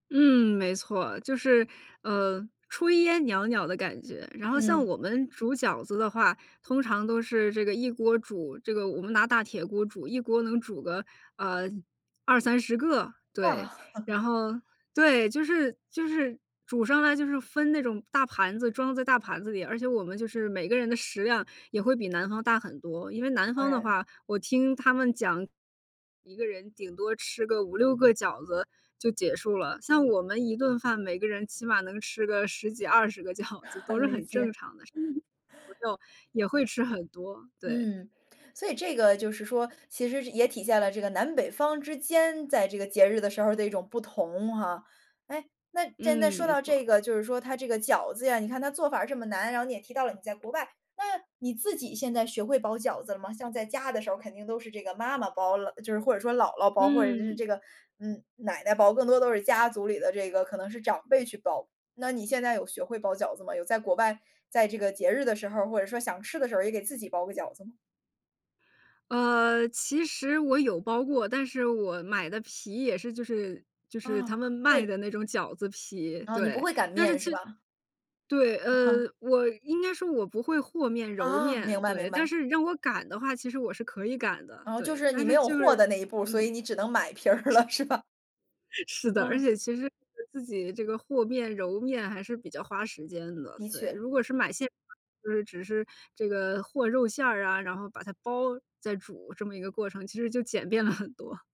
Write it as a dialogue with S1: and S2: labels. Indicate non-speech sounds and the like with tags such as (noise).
S1: 嗯，没错。就是，呃，炊烟袅袅的感觉。然后像
S2: 嗯。
S1: 我们煮饺子的话，通常都是这个一锅煮。这个我们拿大铁锅煮，一锅能煮个，呃，20-30个，
S2: 哇。
S1: 对。然
S2: (chuckles)
S1: 后对，就是就是煮上来就是分那种大盘子装在大盘子里，而且我们就是每个人的食量也会比南方大很多。因为南
S2: 当
S1: 方的
S2: 然。
S1: 话，我听他们讲，一个人顶多吃个5-6个饺子就结束了。像我们一顿饭，每个人起码能吃个10几20个饺子都
S2: 很
S1: 是
S2: 理
S1: 很正
S2: 解。
S1: 常的，(unintelligible) 朋友也会吃很多，对。
S2: 嗯。所以这个就是说，其实是也体现了这个南北方之间在这个节日的时候儿的一种不同哈。哎，那，既然那
S1: 嗯，
S2: 说
S1: 没
S2: 到这
S1: 错。
S2: 个，就是说它这个饺子呀，你看它做法儿这么难，然后你也提到了你在国外，那你自己现在学会包饺子了吗？像在家的时候肯定都是这个妈妈包了，就是或者说姥姥包，或者是
S1: 嗯。
S2: 这个，嗯，奶奶包，更多都是家族里的这个，可能是长辈去包。那你现在有学会包饺子吗？有在国外，在这个节日的时候儿，或者说想吃的时候儿也给自己包个饺子吗？
S1: 呃，其实我有包过，但是我买的皮也是就是就是他
S2: 啊，
S1: 们
S2: 就
S1: 卖
S2: 是
S1: 的那种饺子皮，
S2: 嗯，你不
S1: 对。
S2: 会擀
S1: 但是
S2: 面
S1: 其
S2: 是吧？
S1: 对，呃，
S2: (chuckles)
S1: 我应该说我不会和面、揉
S2: 啊，明
S1: 面。
S2: 白
S1: 对。
S2: 明
S1: 但
S2: 白。
S1: 是你让我擀的话其实我是可以擀的。
S2: 嗯，就
S1: 对。
S2: 是
S1: 但
S2: 你没
S1: 是
S2: 有
S1: 就
S2: 和
S1: 是
S2: 的那一步，所以
S1: 嗯。
S2: 你只能买皮儿了是吧？
S1: (chuckles) 是的，而
S2: 嗯。
S1: 且其实自己这个和面、揉面还是比较花时间的，
S2: 的
S1: 对。
S2: 确。
S1: 如果是买馅，(unintelligible) 就是只是这个和肉馅儿啊，然后把它包，再煮这么一个过程，其实就简便了很多。